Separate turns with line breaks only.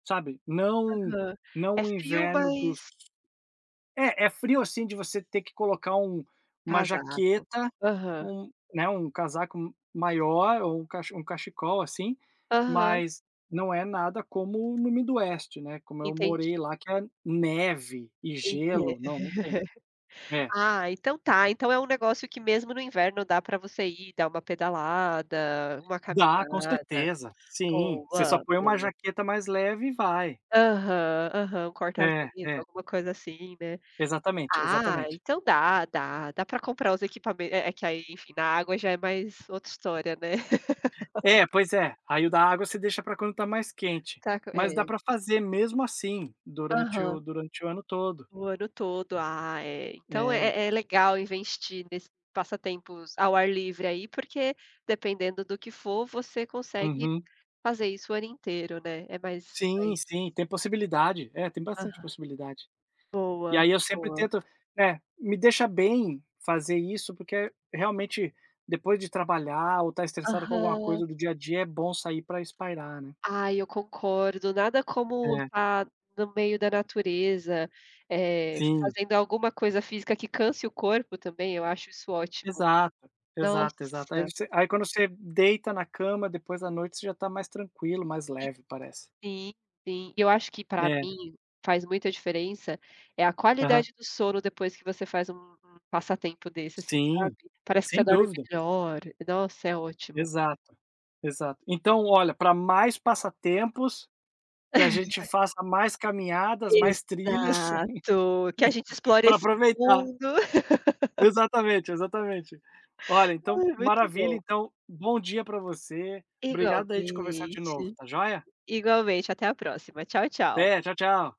Sabe, não
Aham. É
não o
frio,
inverno dos
mas
É, é frio assim de você ter que colocar um uma
Casaco.
jaqueta,
Aham.
um né, um casaco m maior ou um cache um cachecol, assim,
Aham.
mas não é nada como no midwest, né, como eu
Entendi.
morei lá, que é neve e
Eita.
gelo. Não, não tem. É.
Ah, então tá, então é um negócio que mesmo no inverno, dá pra você ir, dar uma pedalada, uma
Dá, com
caminhada
certeza, sim. Você só
Boa,
põe uma
boa.
jaqueta mais leve e vai.
Aham, aham. Um
É,
corta-vento,
é.
alguma coisa assim, né.
Exatamente,
Ah,
exatamente.
então dá, dá, dá pra comprar os equipamento é é que aí, enfim, na água já é mais outra história, né.
É, pois é, aí o da água você deixa para quando está mais quente.
Tá com
Mas dá
é.
para fazer mesmo assim durante
Aham.
o durante o ano todo.
O ano todo. Ah é, então
É.
é é legal investir nesse passatempos ao ar livre aí, porque, dependendo do que for, você consegue
Uhum.
fazer isso o ano inteiro, né, é mais mais
Sim, sim, tem possibilidade. É, tem bastante
Aham.
possibilidade. E aí
Boa,
eu sempre
boa.
tento é, me deixa bem fazer isso, porque realmente, depois de trabalhar ou estar estressado com alguma
Aham.
coisa do dia a dia, é bom sair pra espairecer, né.
Ai, eu concordo, nada como
É.
estar no meio da natureza, eh,
Sim.
fazendo alguma coisa física que canse o corpo também, eu acho isso ótimo.
Exato. Exato, exato. Aí
Nossa.
você aí quando você deita na cama, depois a noite você já está mais tranquilo, mais leve, parece.
Sim, sim. Eu acho que pra
É.
mim, faz muita diferença, é a
Aham.
qualidade do sono depois que você faz um um passatempo desse, assim, sabe.
Sim.
Parece que você
Sem
dorme
dúvida.
melhor. Nossa, é ótimo.
Exato, exato. Então olha, pra mais passatempos, que a gente faça mais caminhadas, mais trilhas,
Exato. Que a gente explore
pra
esse
aproveitar.
mundo.
Exatamente, exatamente. Olha, então,
Ai, muito
maravilha,
bom.
então, bom dia para você. Obrigado aí, de conversar de novo,
Igualmente.
tá joia.
Igualmente, até a próxima, tchau, tchau.
Até, tchau, tchau.